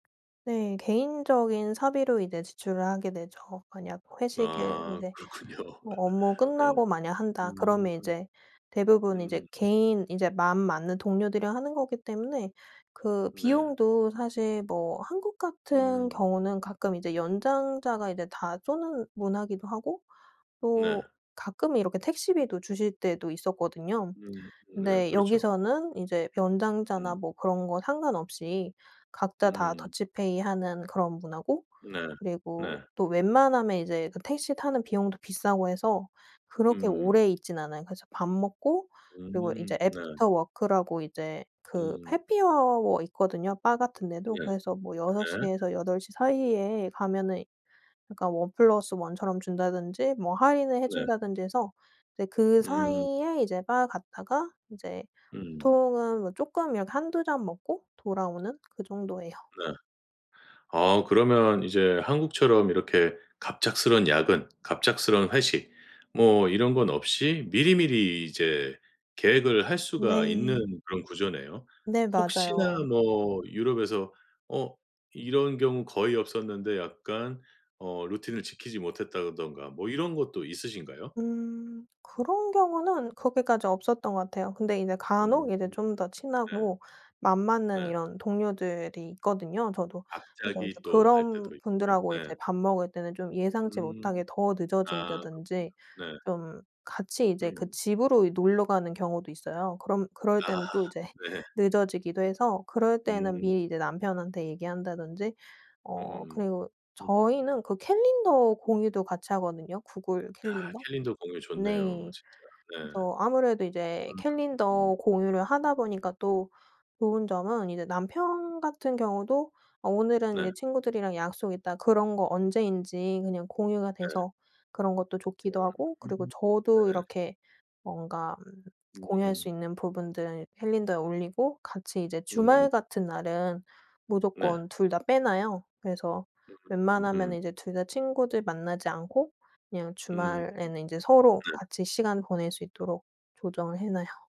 네. 개인적인 사비로 이제 지출을 하게 되죠. 만약 회식을 아 이제 그렇군요. 뭐 업무 예. 끝나고 만약 한다 음. 그러면 이제 대부분 이제 음. 개인 인제 마음 맞는 동료들이랑 하는 거기 때문에 그 네. 비용도 사실 뭐 한국 같은 음. 경우는 가끔 이제 연장자가 이제 다 쏘는 문화기도 하고 또 네. 가끔은 이렇게 택시비도 주실 때도 있었거든요. 음 음네, 근데 그렇죠. 여기서는 이제 음. 연장자나 뭐 그런 거 상관없이 각자 다 음. 더치페이 하는 그런 문화고 네. 그리고 네. 또 웬만하면 이제 그 택시 타는 비용도 비싸고 해서 그렇게 음. 오래 있진 않아요. 그래서 밥 먹고 그리고 이제 음 네. 애프터 워크라고 이제 그 음 해피아워 있거든요, 바 같은 네. 데도. 그래서 뭐 6 네. 시에서 8 시 사이에 가면은 그러니까 1+1 처럼 준다든지 뭐 할인을 네. 해준다든지 해서 이제 그 음. 사이에 이제 바 갔다가 인제 음. 보통은 뭐 쪼끔 이렇게 1-2 잔 먹고 돌아오는 그 정도예요. 네. 아 그러면 이제 한국처럼 이렇게 갑작스러운 야근, 갑작스러운 회식 뭐 이런 건 없이 미리미리 이제 계획을 할 수가 있는 네. 그런 구조네요. 네 혹시나 맞아요. 뭐 유럽에서 어 이런 경우 거의 없었는데 약간 어 루틴을 지키지 못했다던가 뭐 이런 것도 있으신가요? 음. 그런 경우는 그렇게까지 없었던 것 같아요. 근데 이제 음. 간혹 이제 좀 더 네. 친하고 맘 맞는 네. 이런 동료들이 있거든요, 저도. 그래서 이제 갑자기 또 할 그런 때도 있고요. 분들하고 네. 이제 밥 먹을 때는 좀 예상치 음. 못하게 더 아 늦어진다든지 그렇군요. 네. 좀 같이 이제 그 음. 집으로 이 놀러 가는 경우도 있어요. 그럼 그럴 아 때는 또 이제 네. 늦어지기도 해서 그럴 때는 음. 미리 이제 남편한테 얘기한다든지. 어 음음음. 그리고 음. 저희는 그 캘린더 공유도 같이 하거든요, 구글 아 캘린더. 캘린더 공유 좋네요, 네 진짜. 네. 그래서 아무래도 음 이제 음. 캘린더 공유를 하다 보니까 또 좋은 점은 이제 남편 같은 경우도 어 오늘은 이제 네. 친구들이랑 약속 있다 그런 거 언제인지 그냥 공유가 네. 돼서 그런 것도 좋기도 하고 음 그리고 저도 네. 이렇게 뭔가 음 공유할 수 음. 있는 부분들은 캘린더에 올리고 같이 이제 음. 주말 같은 날은 네. 무조건 2 다 빼놔요. 그래서 음음음음. 웬만하면은 이제 2 다 친구들 만나지 않고 그냥 음. 주말에는 인제 서로 네. 같이 시간 보낼 수 있도록 조정을 해놔요.